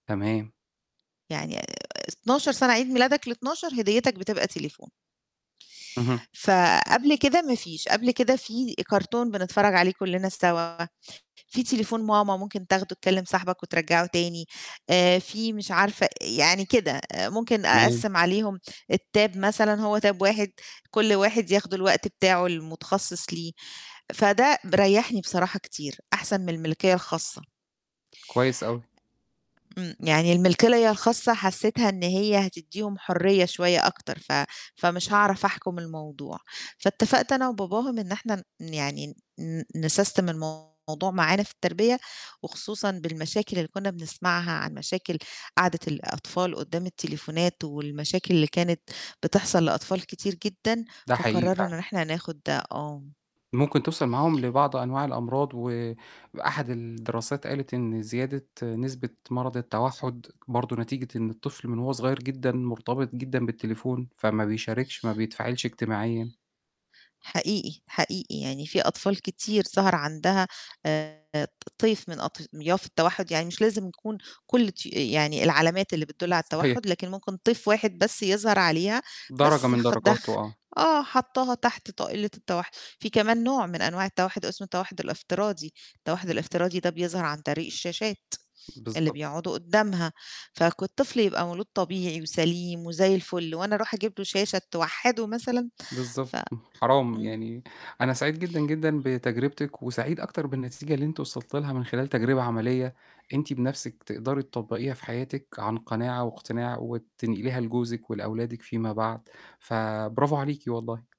تمام. يعني آآ، 12 سنة، عيد ميلادك ال12 هديتك بتبقى تليفون. اهم. فقبل كده ما فيش، قبل كده في كارتون بنتفرّج عليه كلّنا سوا، في تليفون ماما ممكن تاخده تكلم صاحبك وترجّعه تاني، آآ، في مش عارفة يعني كده، ممكن تمام. أقسّم عليهم الTab مثلًا هو Tab واحد كُلّ واحد ياخد الوقت بتاعه المتخصِّص ليه، فده ب ريحني بصراحة كتير، أحسن من الملكية الخاصة. كويس أوي. إمم. يعني الملكية الخاصة حسيتها إن هي هتدّيهم حرية شوية أكتر، ف فمش هاعرف أحكم الموضوع، فاتفقت أنا وباباهم إن إحنا ن يعني ن نسستم الموضوع معانا في التربية، وخصوصًا بالمشاكل اللي كنا بنسمعها عن مشاكل قعدة الأطفال قُدّام التليفونات والمشاكل اللي كانت بتحصل لأطفال كتير جدًا، ده حقيقي فقرَّرنا إن فعلًا. إحنا ناخد آه. ممكن توصل معاهم لبعض أنواع الأمراض، وأحد الدراسات قالت إن زيادة نسبة مرض التوحُّد، برضه نتيجة إن الطفل من وهو صغير جدًا مرتبط جدًا بالتليفون، فما بيشاركش، ما بيتفاعلش اجتماعيًا. حقيقي، حقيقي، يعني في أطفال كتير ظَهَر عندها آآ، ط طيف من أطياف التوحُّد، يعني مش لازم يكون كُلّ طيو يعني العلامات اللي بتدُّل على صحيح. التوحُّد، لكن ممكن طيف واحد بس يظهر عليها، درجة بس من خ درجاته دخ آه. آه، حاطاها تحت طائلة التوحُّد، في كمان نوع من أنواع التوحُّد، اسمه التوحُّد الافتراضي، التوحُّد الافتراضي ده بيظهر عن طريق الشاشات اللي بالضبط. بيقعدوا قُدَّامها، فك الطفل يبقى مولود طبيعي وسليم وزي الفُلّ، وأنا أرُوح أجيب له شاشة توحدُّه مثلًا؟ ف بالضبط، حرام، إمم. يعني أنا سعيد جدًا، جدًا بتجربتِك وسعيد أكتر بالنتيجة اللي أنتِ وصلتِ لها من خلال تجربة عملية، أنتِ بنفسِك تقدري تطبّقيها في حياتِك عن قناعة واقتناع، وتنقليها لجوزِك ولأولادِك فيما بعد، فبرافو عليكِ والله.